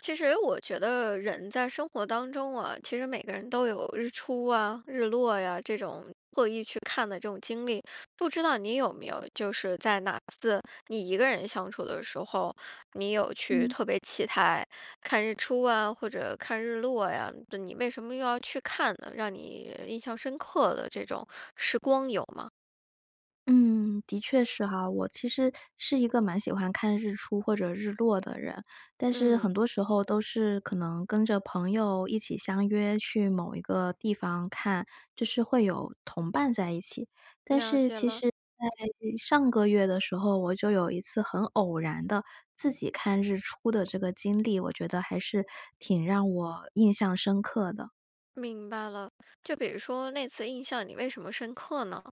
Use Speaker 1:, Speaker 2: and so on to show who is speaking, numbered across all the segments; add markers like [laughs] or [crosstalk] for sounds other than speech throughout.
Speaker 1: 其实我觉得人在生活当中啊，其实每个人都有日出啊、日落呀，这种特意去看的这种经历。不知道你有没有？就是在哪次你一个人相处的时候，你有去
Speaker 2: 嗯。
Speaker 1: 特别期待看日出啊，或者看日落呀，就你为什么又要去看呢，让你印象深刻的这种时光有吗？
Speaker 2: 嗯，的确是哈，我其实是一个蛮喜欢看日出或者日落的人。但是
Speaker 1: 嗯。
Speaker 2: 很多时候都是可能跟着朋友一起相约去某一个地方看，就是会有同伴在一起，但
Speaker 1: 了
Speaker 2: 是
Speaker 1: 解
Speaker 2: 其
Speaker 1: 了。
Speaker 2: 实在，呃，上个月的时候，我就有一次很偶然地自己看日出的这个经历，我觉得还是挺让我印象深刻的。
Speaker 1: 明白了，就比如说那次印象你为什么深刻呢？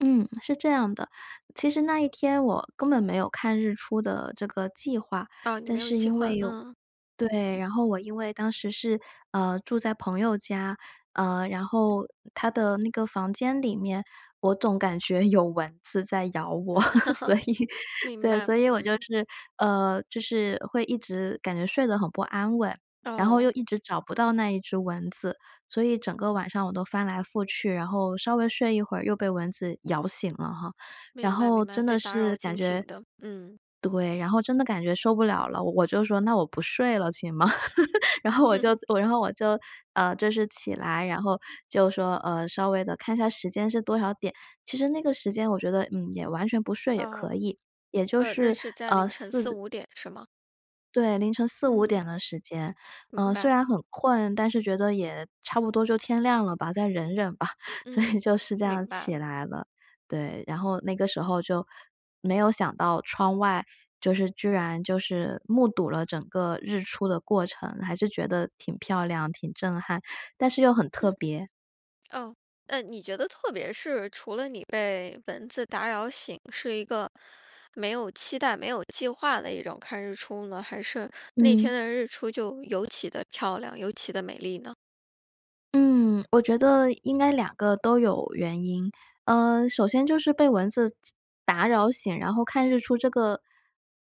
Speaker 2: 嗯，是这样的，其实那一天我根本没有看日出的这个计划。
Speaker 1: 啊，你
Speaker 2: 但
Speaker 1: 没有
Speaker 2: 是
Speaker 1: 计
Speaker 2: 因为
Speaker 1: 划，
Speaker 2: 有
Speaker 1: 嗯。
Speaker 2: 对，然后我因为当时是，呃，住在朋友家，呃，然后她的那个房间里面，我总感觉有蚊子在咬我，[laughs] 所以
Speaker 1: [laughs] 明
Speaker 2: 对，
Speaker 1: 白，
Speaker 2: 所以我就
Speaker 1: 嗯。
Speaker 2: 是，呃，就是会一直感觉睡得很不安稳。然后又
Speaker 1: 哦。
Speaker 2: 一直找不到那一只蚊子，所以整个晚上我都翻来覆去，然后稍微睡一会儿又被蚊子咬醒了哈。然
Speaker 1: 明白
Speaker 2: 后
Speaker 1: 明白，
Speaker 2: 真
Speaker 1: 被
Speaker 2: 的
Speaker 1: 打
Speaker 2: 是
Speaker 1: 扰
Speaker 2: 感
Speaker 1: 惊醒
Speaker 2: 觉
Speaker 1: 的，嗯。
Speaker 2: 对，然后真的感觉受不了了，我我就说：“那我不睡了，行吗？” [laughs] 然后我
Speaker 1: 嗯。
Speaker 2: 就
Speaker 1: [laughs]
Speaker 2: 然后我就，呃，就是起来，然后就说，呃，稍微地看一下时间是多少点。其实那个时间我觉得，嗯，也完全不睡也可
Speaker 1: 哦，
Speaker 2: 以，也就
Speaker 1: 呃，那
Speaker 2: 是，
Speaker 1: 是在
Speaker 2: 呃，
Speaker 1: 凌晨四
Speaker 2: 4
Speaker 1: 五点，是吗？
Speaker 2: 对，凌晨四五
Speaker 1: 嗯。
Speaker 2: 点的时间，
Speaker 1: 明
Speaker 2: 呃，虽
Speaker 1: 白。
Speaker 2: 然很困，但是觉得也差不多就天亮了吧，再忍忍吧，所
Speaker 1: 嗯，
Speaker 2: 以就是这样
Speaker 1: 明白
Speaker 2: 起
Speaker 1: 了。
Speaker 2: 来了。对，然后那个时候就没有想到窗外，就是居然就是目睹了整个日出的过程，还是觉得挺漂亮，挺震撼，但是又很特
Speaker 1: 嗯，
Speaker 2: 别。
Speaker 1: 哦，呃，你觉得特别是除了你被蚊子打扰醒，是一个没有期待没有计划的一种看日出呢？还是那天
Speaker 2: 嗯。
Speaker 1: 的日出就尤其地漂亮，尤其地美丽呢？
Speaker 2: 嗯，我觉得应该两个都有原因，呃，首先就是被蚊子打扰醒，然后看日出这个，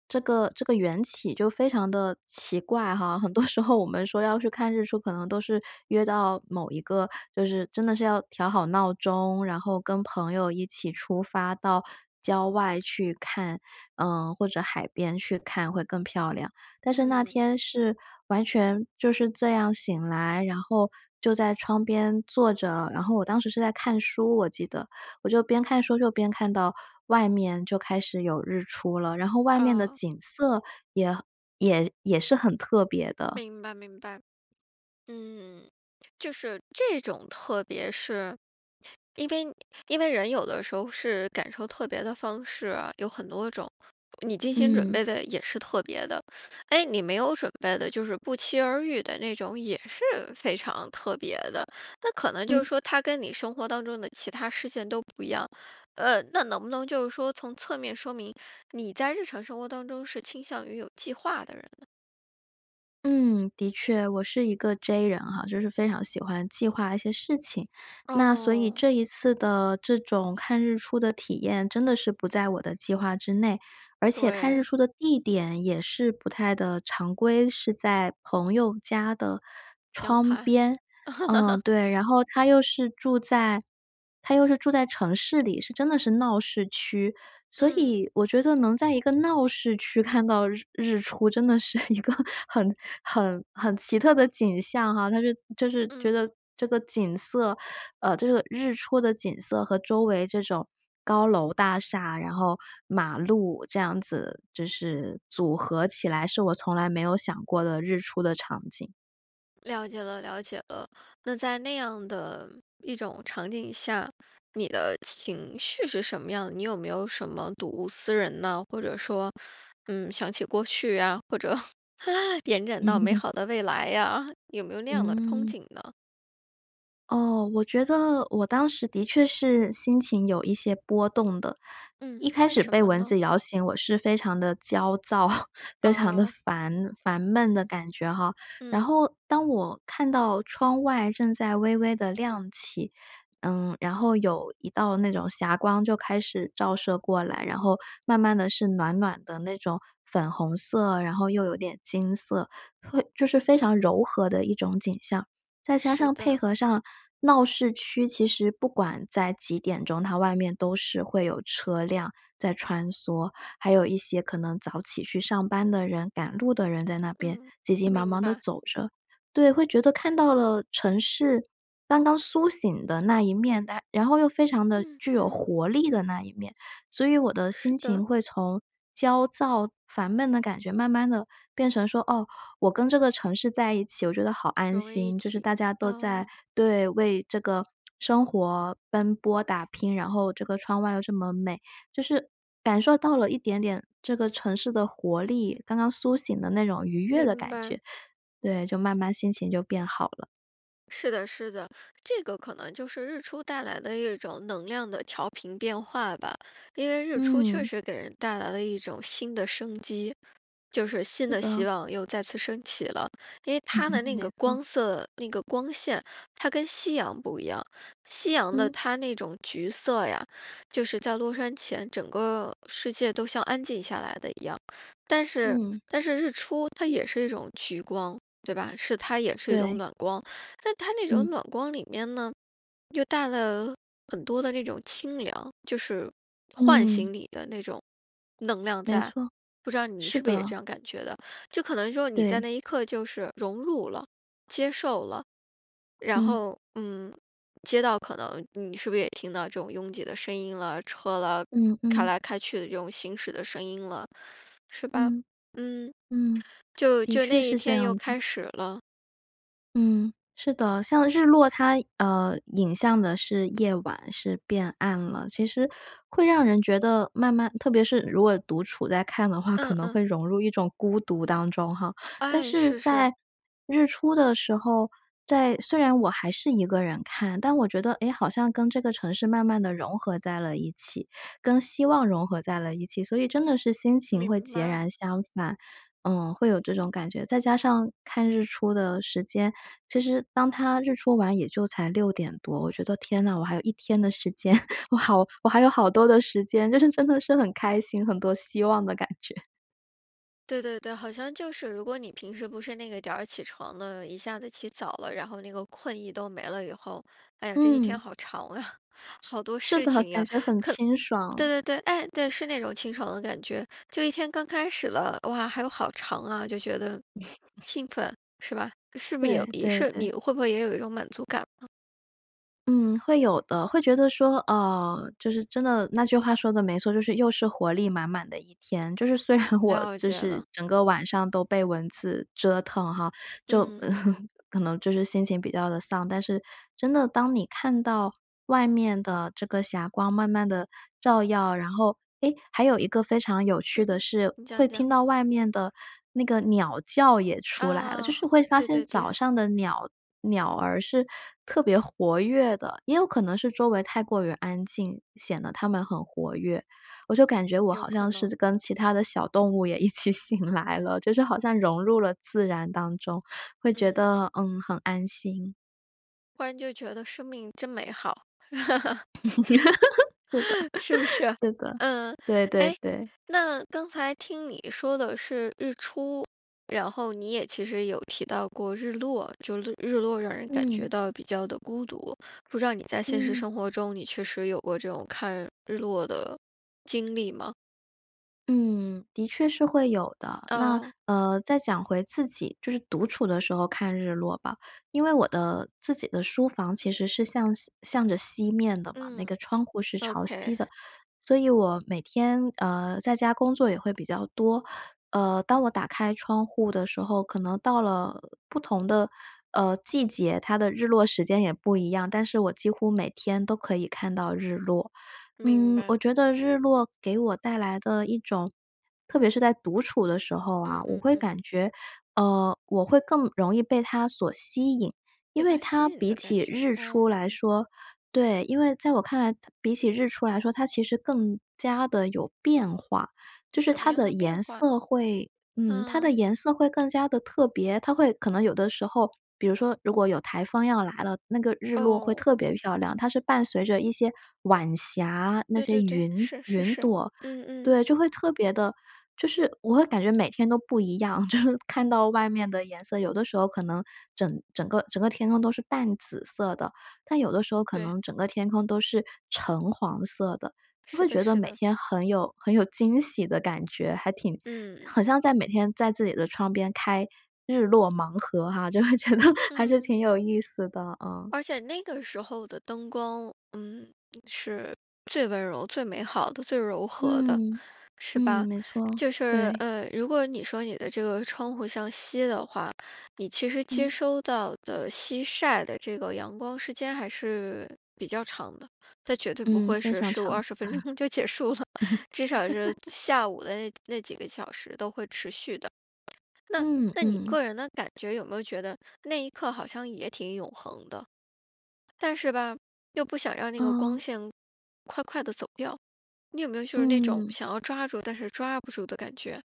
Speaker 2: 这个这个缘起就非常地奇怪哈。很多时候我们说要去看日出，可能都是约到某一个，就是真的是要调好闹钟，然后跟朋友一起出发到郊外去看，呃，或者海边去看会更漂亮。但是那
Speaker 1: 嗯。
Speaker 2: 天是完全就是这样醒来，然后就在窗边坐着，然后我当时是在看书，我记得，我就边看书就边看到外面就开始有日出了，然后外面的
Speaker 1: 哦。
Speaker 2: 景色也也也是很特别的。
Speaker 1: 明白明白。嗯，就是这种特别是，因为因为人有的时候是感受特别的方式，有很多种，你精心准
Speaker 2: 嗯。
Speaker 1: 备的也是特别的，诶，你没有准备的，就是不期而遇的那种也是非常特别的，那可能就是
Speaker 2: 嗯。
Speaker 1: 说它跟你生活当中的其它事件都不一样，呃，那能不能就是说从侧面说明，你在日常生活当中是倾向于有计划的人呢？
Speaker 2: 嗯，的确。我是一个 J 人哈，就是非常喜欢计划一些事情。那所以
Speaker 1: 哦。
Speaker 2: 这一次的这种看日出的体验，真的是不在我的计划之内。而且看日
Speaker 1: 对。
Speaker 2: 出的地点也是不太的常规，是在朋友家的
Speaker 1: 阳
Speaker 2: 窗
Speaker 1: 台。
Speaker 2: 边。嗯，
Speaker 1: [chuckles]
Speaker 2: 对，然后他又是住在他又是住在城市里，是真的是闹市区。所
Speaker 1: 嗯。
Speaker 2: 以我觉得能在一个闹市区看到日日出，真的是一个很很很奇特的景象哈，它是就是觉
Speaker 1: 嗯。
Speaker 2: 得这个景色呃，这个日出的景色和周围这种高楼大厦，然后马路这样子，就是组合起来是我从来没有想过的日出的场景。
Speaker 1: 了解了了解了。那在那样的一种场景下，你的情绪是什么样？你有没有什么睹物思人呐？或者说，嗯，想起过去呀？或者延
Speaker 2: 嗯。
Speaker 1: 展到美
Speaker 2: [chuckles]
Speaker 1: 好的未来呀？有没有那样的憧
Speaker 2: 嗯。
Speaker 1: 憬呢？
Speaker 2: 哦，我觉得我当时的确是心情有一些波动的。
Speaker 1: 嗯，
Speaker 2: 一开
Speaker 1: 为
Speaker 2: 始
Speaker 1: 什
Speaker 2: 被
Speaker 1: 么
Speaker 2: 蚊
Speaker 1: 呢？
Speaker 2: 子咬醒我是非常地焦躁，非常地
Speaker 1: 哦。
Speaker 2: 烦烦闷的感觉哈，然
Speaker 1: 嗯。
Speaker 2: 后当我看到窗外正在微微地亮起，嗯，然后有一道那种霞光就开始照射过来。然后慢慢地是暖暖的那种粉红色，然后又有点金色，会就是非常柔和的一种景象。再加
Speaker 1: 是
Speaker 2: 上配
Speaker 1: 的。
Speaker 2: 合上闹市区其实不管在几点钟，它外面都是会有车辆在穿梭，还有一些可能早起去上班的人，赶路的人在那边
Speaker 1: 嗯，
Speaker 2: 急急忙
Speaker 1: 明
Speaker 2: 忙地
Speaker 1: 白。
Speaker 2: 走着。对，会觉得看到了城市刚刚苏醒的那一面，但然后又非常的
Speaker 1: 嗯，
Speaker 2: 具有
Speaker 1: 嗯。
Speaker 2: 活力的那一面。所以我的
Speaker 1: 是
Speaker 2: 心
Speaker 1: 的。
Speaker 2: 情会从焦躁、烦闷的感觉慢慢地变成说，哦，我跟这个城市在一起，我觉得好安
Speaker 1: 融为一
Speaker 2: 心，就是大
Speaker 1: 体，
Speaker 2: 家都在
Speaker 1: 啊。
Speaker 2: 对，为这个生活奔波打拼，然后这个窗外又这么美。就是感受到了一点点这个城市的活力，刚刚苏醒的那种愉悦的
Speaker 1: 明
Speaker 2: 感
Speaker 1: 白。
Speaker 2: 觉。对，就慢慢心情就变好了。
Speaker 1: 是的是的。这个可能就是日出带来的一种能量的调频变化吧。因为日出确
Speaker 2: 嗯。
Speaker 1: 实给人带来了一种新的生机，就是新
Speaker 2: 是
Speaker 1: 的希
Speaker 2: 的。
Speaker 1: 望又再次升起了。因为它的
Speaker 2: [laughs]
Speaker 1: 那个
Speaker 2: 没错。
Speaker 1: 光色，那个光线，它跟夕阳不一样。夕阳的
Speaker 2: 嗯。
Speaker 1: 它那种橘色呀，就是在落山前整个世界都像安静下来得一样。但是
Speaker 2: 嗯。
Speaker 1: 但是日出它也是一种橘光，对吧？是它也是一种
Speaker 2: 对。
Speaker 1: 暖光。但它那种
Speaker 2: 嗯。
Speaker 1: 暖光里面呢，又带了很多的那种清凉，就是唤
Speaker 2: 嗯。
Speaker 1: 醒你的那种能量
Speaker 2: 没
Speaker 1: 在。
Speaker 2: 错，
Speaker 1: 不知道你
Speaker 2: 是
Speaker 1: 是不是也
Speaker 2: 的。
Speaker 1: 这样感觉得。就可能说你在
Speaker 2: 对。
Speaker 1: 那一刻就是融入了，接受了，然
Speaker 2: 嗯。
Speaker 1: 后，嗯，街道可能，你是不是也听到这种拥挤的声音了，车了，
Speaker 2: 嗯
Speaker 1: 开
Speaker 2: 嗯。
Speaker 1: 来开去的这种行驶的声音了，是吧？
Speaker 2: 嗯，
Speaker 1: 嗯，
Speaker 2: 嗯。
Speaker 1: 就
Speaker 2: 的
Speaker 1: 就
Speaker 2: 确
Speaker 1: 那一
Speaker 2: 是这
Speaker 1: 天又
Speaker 2: 样的。
Speaker 1: 开始了。
Speaker 2: 嗯，是的，像日落它，呃，引向的是夜晚，是变暗了。其实会让人觉得慢慢特别是如果独处在看的话，可
Speaker 1: 嗯
Speaker 2: 能
Speaker 1: 嗯。
Speaker 2: 会融入一种孤独当中哈。但
Speaker 1: 哎，
Speaker 2: 是
Speaker 1: 是是。
Speaker 2: 在日出的时候，在虽然我还是1个人看，但我觉得，哎，好像跟这个城市慢慢地融合在了一起，跟希望融合在了一起，所以真的是心情会
Speaker 1: 明
Speaker 2: 截
Speaker 1: 白。
Speaker 2: 然相反，嗯，会有这种感觉。再加上看日出的时间，其实当它日出完也就才6:00多，我觉得，天呐，我还有一天的时间，[chuckles] 我好我还有好多的时间，就是真的是很开心很多希望的感觉。
Speaker 1: 对对对，好像就是，如果你平时不那个点儿起床的，一下子起早了，然后那个困意都没了以后，哎呀，这一天
Speaker 2: 嗯。
Speaker 1: 好长啊，好多
Speaker 2: 是
Speaker 1: 事
Speaker 2: 的，
Speaker 1: 情
Speaker 2: 感
Speaker 1: 呀，可
Speaker 2: 觉很清
Speaker 1: 对
Speaker 2: 爽。
Speaker 1: 对对，哎，对，是那种清爽的感觉，就一天刚开始了，哇，还有好长啊，就觉得
Speaker 2: [laughs]
Speaker 1: 兴奋，是吧？是不有
Speaker 2: 对
Speaker 1: 也
Speaker 2: 对
Speaker 1: 是
Speaker 2: 对。
Speaker 1: 你会不会也有一种满足感呢？
Speaker 2: 嗯，会有的，会觉得说，啊，就是真的那句话说得没错，就是又是活力满满的一天。就是虽然我，
Speaker 1: 了
Speaker 2: 就
Speaker 1: 解
Speaker 2: 是
Speaker 1: 了。
Speaker 2: 整个晚上都被蚊子折腾哈，就
Speaker 1: 嗯。
Speaker 2: [laughs] 可能，就是心情比较地丧，但是真的当你看到外面的这个霞光慢慢地照耀，然后诶，还有一个非常有趣
Speaker 1: 嗯
Speaker 2: 的
Speaker 1: 嗯，
Speaker 2: 是，
Speaker 1: 你讲
Speaker 2: 会
Speaker 1: 你讲。
Speaker 2: 听到外面的那个鸟叫也出来了，就
Speaker 1: 啊，
Speaker 2: 是会发
Speaker 1: 对
Speaker 2: 现
Speaker 1: 对
Speaker 2: 早
Speaker 1: 对。
Speaker 2: 上的鸟鸟儿是特别活跃的，也有可能是周围太过于安静，显得它们很活跃。我就感觉我
Speaker 1: 有
Speaker 2: 好
Speaker 1: 可
Speaker 2: 像是
Speaker 1: 能。
Speaker 2: 跟其它的小动物也一起醒来了，就是好像融入了自然当中，会觉
Speaker 1: 嗯。
Speaker 2: 得，嗯，很安心。
Speaker 1: 忽然就觉得生命真美好。
Speaker 2: [laughs] 是的，
Speaker 1: [laughs] 是不是？
Speaker 2: 是的，
Speaker 1: 嗯。
Speaker 2: 对对
Speaker 1: 诶，
Speaker 2: 对。
Speaker 1: 那刚才听你说的是日出，然后你也其实有提到过日落，就略日落让人感觉
Speaker 2: 嗯。
Speaker 1: 到比较地孤独。不知道你在现实
Speaker 2: 嗯。
Speaker 1: 生活中，你确实有过这种看日落的经历吗？
Speaker 2: 嗯，的确是会有的。那，
Speaker 1: 哦。
Speaker 2: 呃，再讲回自己，就是独处的时候看日落吧。因为我的自己的书房其实是向西向着西面的嘛，那
Speaker 1: 嗯，
Speaker 2: 个窗户是朝
Speaker 1: OK。
Speaker 2: 西的。所以我每天，呃，在家工作也会比较多，呃，当我打开窗户的时候，可能到了不同的，呃，季节，它的日落时间也不一样，但是我几乎每天都可以看到日落。
Speaker 1: 明
Speaker 2: 嗯，我
Speaker 1: 白。
Speaker 2: 觉得日落给我带来的一种特别是在独处的时候啊，
Speaker 1: 嗯
Speaker 2: 我
Speaker 1: 嗯
Speaker 2: 会
Speaker 1: 嗯。
Speaker 2: 感觉呃，我会更容易被它所吸引。因
Speaker 1: 被
Speaker 2: 为
Speaker 1: 它吸
Speaker 2: 它
Speaker 1: 引
Speaker 2: 比
Speaker 1: 的感
Speaker 2: 起
Speaker 1: 觉，
Speaker 2: 日出
Speaker 1: 哦，
Speaker 2: 来
Speaker 1: 嗯。
Speaker 2: 说对，因为在我看来它比起日出来说，它其实更加地有变化。就是
Speaker 1: 什么
Speaker 2: 它
Speaker 1: 样
Speaker 2: 的
Speaker 1: 的变
Speaker 2: 颜
Speaker 1: 化？
Speaker 2: 色会嗯，它的
Speaker 1: 嗯。
Speaker 2: 颜色会更加地特别，它会可能有的时候，比如说如果有台风要来了，那个日落会
Speaker 1: 哦。
Speaker 2: 特别漂亮，它是伴随着一些晚霞，那
Speaker 1: 对
Speaker 2: 些
Speaker 1: 对对，
Speaker 2: 云
Speaker 1: 是是
Speaker 2: 云
Speaker 1: 是，
Speaker 2: 朵。
Speaker 1: 嗯嗯。
Speaker 2: 对，就会特别的就是我会感觉每天都不一样，就是看到外面的颜色，有的时候可能整整个整个天空都是淡紫色的，但有的时候可
Speaker 1: 对。
Speaker 2: 能整个天空都是橙黄色的，就会
Speaker 1: 是的
Speaker 2: 觉得
Speaker 1: 是
Speaker 2: 每
Speaker 1: 的。
Speaker 2: 天很有很有惊喜的感觉，还挺
Speaker 1: 嗯。
Speaker 2: 好像在每天在自己的窗边开“日落盲盒”哈，就会觉得还是
Speaker 1: 嗯。
Speaker 2: 挺有意思的，嗯。
Speaker 1: 而且那个时候的灯光，嗯，[tsk] 是最温柔、最美好的、最柔和的，
Speaker 2: 嗯，
Speaker 1: 是
Speaker 2: 嗯，
Speaker 1: 吧？
Speaker 2: 没错，
Speaker 1: 就是，
Speaker 2: 对。
Speaker 1: 呃，如果你说你的这个窗户向西的话，你其实接
Speaker 2: 嗯。
Speaker 1: 收到的西晒的这个阳光时间，还是比较长的，但绝对不
Speaker 2: 嗯，
Speaker 1: 会
Speaker 2: 非
Speaker 1: 是
Speaker 2: 常
Speaker 1: 15、
Speaker 2: 长。
Speaker 1: 20分钟就结束了，至少是
Speaker 2: [laughs]
Speaker 1: 下午的那那几个小时都会持续的。那
Speaker 2: 嗯
Speaker 1: 那你
Speaker 2: 嗯。
Speaker 1: 个人的感觉，有没有觉得那一刻好像也挺永恒的？但是吧，又不想让那个光
Speaker 2: 嗯。
Speaker 1: 线快快地走掉。你有没有就是那种
Speaker 2: 嗯。
Speaker 1: 想要抓住，但是抓不住的感觉？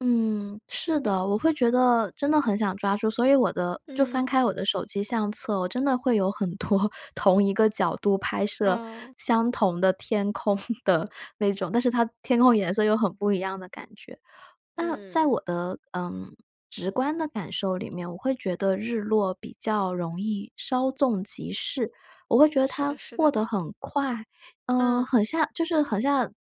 Speaker 2: 嗯，是的。我会觉得真的很想抓住，所以我的就
Speaker 1: 嗯。
Speaker 2: 翻开我的手机相册，我真的会有很多同一个角度拍摄
Speaker 1: 哦。
Speaker 2: 相同的天空的那种，但是它天空颜色又很不一样的感觉。那在
Speaker 1: 嗯。
Speaker 2: 我的，呃，直观的感受里面，我会觉得日落比较容易，稍纵即逝，我会觉得
Speaker 1: 是
Speaker 2: 它
Speaker 1: 的是
Speaker 2: 过
Speaker 1: 的。
Speaker 2: 得很快，呃，
Speaker 1: 嗯。
Speaker 2: 很像就是很像，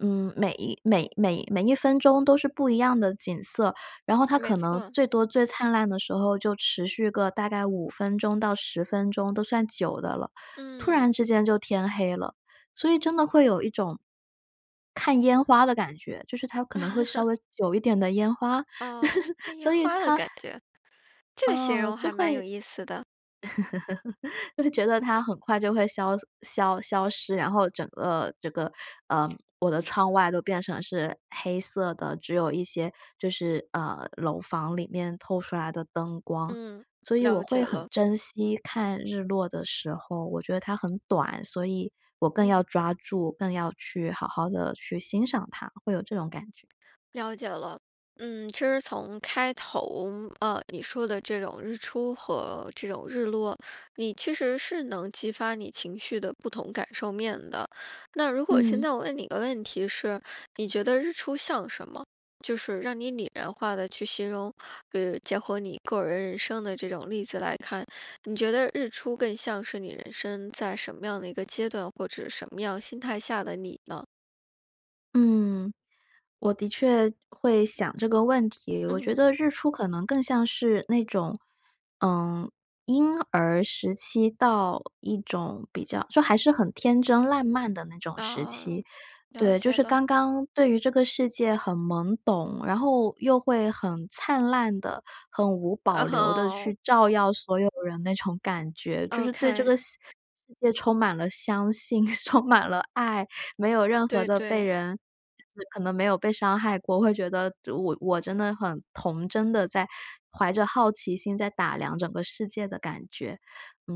Speaker 2: 嗯，每每每每一分钟都是不一样的景色。然后它
Speaker 1: 没
Speaker 2: 可能
Speaker 1: 错。
Speaker 2: 最多最灿烂的时候就持续个大概5分钟到10分钟都算久的了，突然
Speaker 1: 嗯。
Speaker 2: 之间就天黑了，所以真的会有一种看烟花的感觉。就是它可能会稍
Speaker 1: [laughs]
Speaker 2: 微久一点的烟花，
Speaker 1: 哦，
Speaker 2: [laughs]
Speaker 1: 看烟
Speaker 2: 所以
Speaker 1: 花的
Speaker 2: 它，
Speaker 1: 感觉，这个形
Speaker 2: 哦，
Speaker 1: 容
Speaker 2: 就
Speaker 1: 还蛮
Speaker 2: 会
Speaker 1: 有意思的。
Speaker 2: [laughs] 就会觉得它很快就会消消消失，然后整个这个，呃，我的窗外都变成是黑色的，只有一些就是，呃，楼房里面透出来的灯光。
Speaker 1: 嗯，
Speaker 2: 所以我
Speaker 1: 了解
Speaker 2: 会很
Speaker 1: 了。
Speaker 2: 珍惜看日落的时候，我觉得它很短，所以我更要
Speaker 1: 嗯。
Speaker 2: 抓住，更要去好好地去欣赏它，会有这种感觉。
Speaker 1: 了解了。嗯，其实从开头，呃，你说的这种日出和这种日落，你其实是能激发你情绪的不同感受面的。那如果现
Speaker 2: 嗯。
Speaker 1: 在我问你一个问题是，你觉得日出像什么？就是让你拟人化地去形容，比如结合你个人人生的这种例子来看，你觉得日出更像是你人生在什么样的一个阶段或者什么样心态下的你呢？
Speaker 2: 嗯，我的确会想这个问题，我觉
Speaker 1: 嗯。
Speaker 2: 得日出可能更像是那种，呃，婴儿时期到一种比较就还是很天真烂漫的那种时
Speaker 1: 哦，
Speaker 2: 期。
Speaker 1: 了
Speaker 2: 对，就
Speaker 1: 解
Speaker 2: 是
Speaker 1: 了。
Speaker 2: 刚刚对于这个世界很懵懂，然后又会很灿烂地，很无保
Speaker 1: 嗯
Speaker 2: 留地
Speaker 1: 哼。
Speaker 2: 去照耀所有人那种感觉。就是对这个
Speaker 1: OK。
Speaker 2: 司世界充满了，相信，充满了爱，没有任何
Speaker 1: 对
Speaker 2: 的被
Speaker 1: 对。
Speaker 2: 人可能没有被伤害过，我会觉得我我真的很童真地在怀着好奇心在打量整个世界的感觉。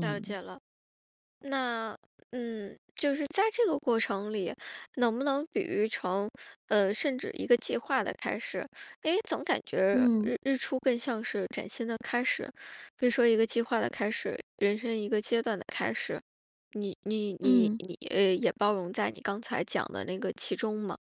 Speaker 1: 了解了。那嗯，就是在这个过程里，能不能比喻成，呃，甚至一个计划的开始，因为，总感觉
Speaker 2: 嗯。
Speaker 1: 日日出更像是崭新的开始，比如说一个计划的开始，人生一个阶段的开始，你你你
Speaker 2: 嗯。
Speaker 1: 你呃，也包容在你刚才讲的那个其中嘛。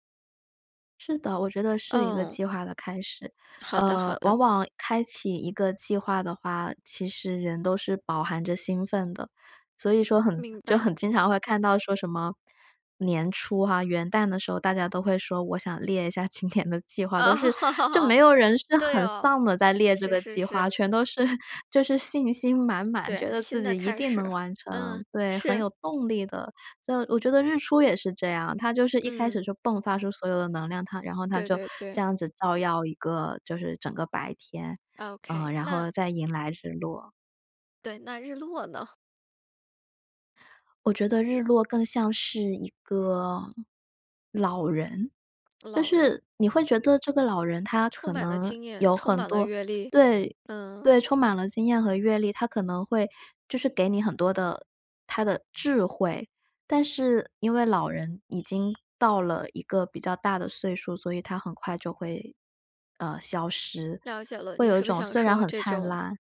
Speaker 2: 是的，我觉得是一个
Speaker 1: 嗯。
Speaker 2: 计划的开始。
Speaker 1: 好的好
Speaker 2: 呃，
Speaker 1: 的。
Speaker 2: 往往开启一个计划的话，其实人都是饱含着兴奋的。所以说很
Speaker 1: 明
Speaker 2: 就
Speaker 1: 白。
Speaker 2: 很经常会看到说什么，年初哈，元旦的时候大家都会说我想列一下今年的计划，都是，就没
Speaker 1: [laughs]
Speaker 2: 有人是
Speaker 1: 对
Speaker 2: 很
Speaker 1: 哦，
Speaker 2: 丧地在列这
Speaker 1: 是
Speaker 2: 个
Speaker 1: 是
Speaker 2: 计
Speaker 1: 是。
Speaker 2: 划，全都是 [chuckles] 就是信心满满，觉
Speaker 1: 对，
Speaker 2: 得
Speaker 1: 新
Speaker 2: 自
Speaker 1: 的
Speaker 2: 己一
Speaker 1: 开
Speaker 2: 定
Speaker 1: 始。
Speaker 2: 能完成。
Speaker 1: 嗯，
Speaker 2: 对，很
Speaker 1: 是。
Speaker 2: 有动力的。这我觉得日出也是这样，它就是一开
Speaker 1: 嗯。
Speaker 2: 始就迸发出所有的能量，它然后它
Speaker 1: 对
Speaker 2: 就
Speaker 1: 对对。
Speaker 2: 这样子照耀一个，就是整个白天，呃，
Speaker 1: Ok。
Speaker 2: 然
Speaker 1: 那
Speaker 2: 后再迎来日落。
Speaker 1: 对，那日落呢？
Speaker 2: 我觉得日落更像是一个老人。但
Speaker 1: 老人。
Speaker 2: 是你会觉得这个老人他
Speaker 1: 充
Speaker 2: 可
Speaker 1: 满了
Speaker 2: 能
Speaker 1: 经验。
Speaker 2: 有
Speaker 1: 充
Speaker 2: 很
Speaker 1: 满了
Speaker 2: 多
Speaker 1: 阅历。
Speaker 2: 对，
Speaker 1: 嗯。
Speaker 2: 对充满了经验和阅历，他可能会，就是给你很多的他的智慧。但是因为老人已经到了一个比较大的岁数，所以他很快就会，呃，消失，
Speaker 1: 了解了。
Speaker 2: 会
Speaker 1: 你
Speaker 2: 有一
Speaker 1: 是不
Speaker 2: 种
Speaker 1: 想
Speaker 2: 虽然
Speaker 1: 说
Speaker 2: 很
Speaker 1: 这
Speaker 2: 灿
Speaker 1: 种
Speaker 2: 烂。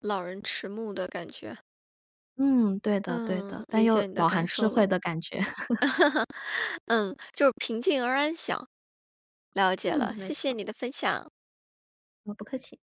Speaker 1: 老人迟暮的感觉？
Speaker 2: 嗯，对的对
Speaker 1: 嗯，
Speaker 2: 的。但
Speaker 1: 理
Speaker 2: 又
Speaker 1: 解你的
Speaker 2: 饱
Speaker 1: 感
Speaker 2: 含智
Speaker 1: 受了。
Speaker 2: 慧的感觉。[laughs]
Speaker 1: [laughs] 嗯，就是平静而安详。了解
Speaker 2: 嗯，
Speaker 1: 了，
Speaker 2: 没
Speaker 1: 谢谢
Speaker 2: 错。
Speaker 1: 你的分享。
Speaker 2: 哦，不客气。